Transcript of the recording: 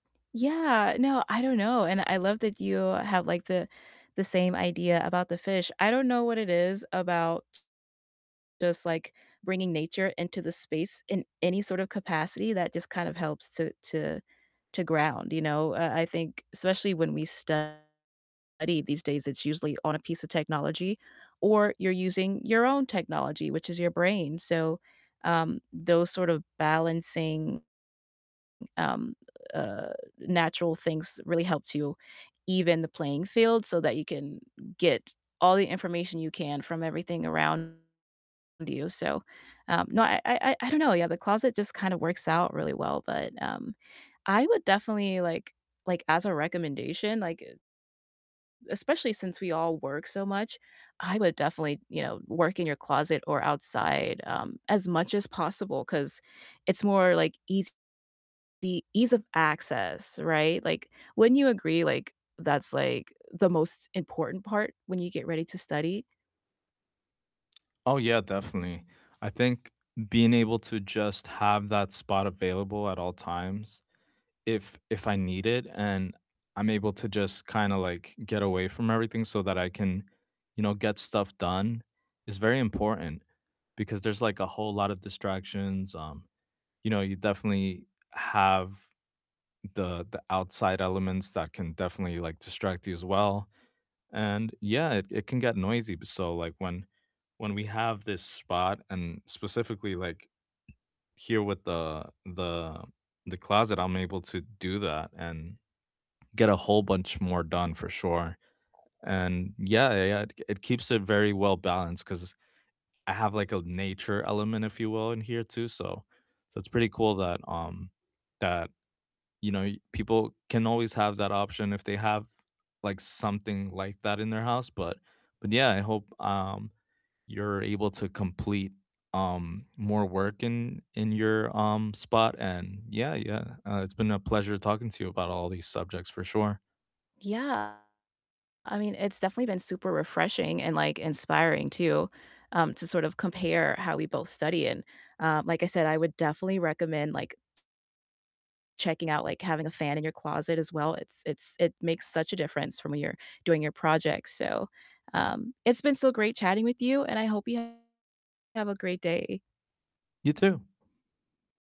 Yeah, no, I don't know, and I love that you have, like, the the same idea about the fish, I don't know what it is about, just, like, bringing nature into the space in any sort of capacity that just kind of helps to to to ground, you know? Uh, I think Especially when we study these days, it's usually on a piece of technology, or you're using your own technology, which is your brain, so, um, those sort of balancing, um, uh, natural things really helps you even the playing field so that you can get all the information you can from everything around you, so, um No, I I I don't know, yeah, the closet just kinda works out really well, but, um, I would definitely, like like, as a recommendation, like, uh especially since we all work so much, I would definitely, you know, work in your closet or outside, um, as much as possible, 'cause it's more, like, easy ease of access, right? Like, wouldn't you agree, like, that's, like, the most important part when you get ready to study? Oh yeah, definitely, I think being able to just have that spot available at all times if if I need it, and I'm able to just kinda like get away from everything so that I can, you know, get stuff done is very important, because there's, like, a whole lot of distractions, um, you know, you definitely have the the outside elements that can definitely, like, distract you as well, and yeah, it it can get noisy but so, like, when when we have this spot, and specifically, like, here with the the the closet, I'm able to do that, and get a whole bunch more done for sure, and yeah, yeah, yeah, it t k it keeps it very well-balanced, 'cause I have, like, a nature element, if you will, in here too, so so it's pretty cool that, um that, you know, you people can always have that option if they have, like, something like that in their house, but but yeah, I hope, um, you're able to complete, um, more work in in your, um, spot and yeah, yeah, uh, it's been a pleasure talking to you about all these subjects for sure. Yeah, I mean, it's definitely been super refreshing, and, like, inspiring too, um, to sort of compare how we both study, and, um, like I said, I would definitely recommend, like checking out, like, having a fan in your closet as well, it's it's it makes such a difference from when you're doing your projects, so, um, it's been so great chatting with you, and I hope you have a great day You too.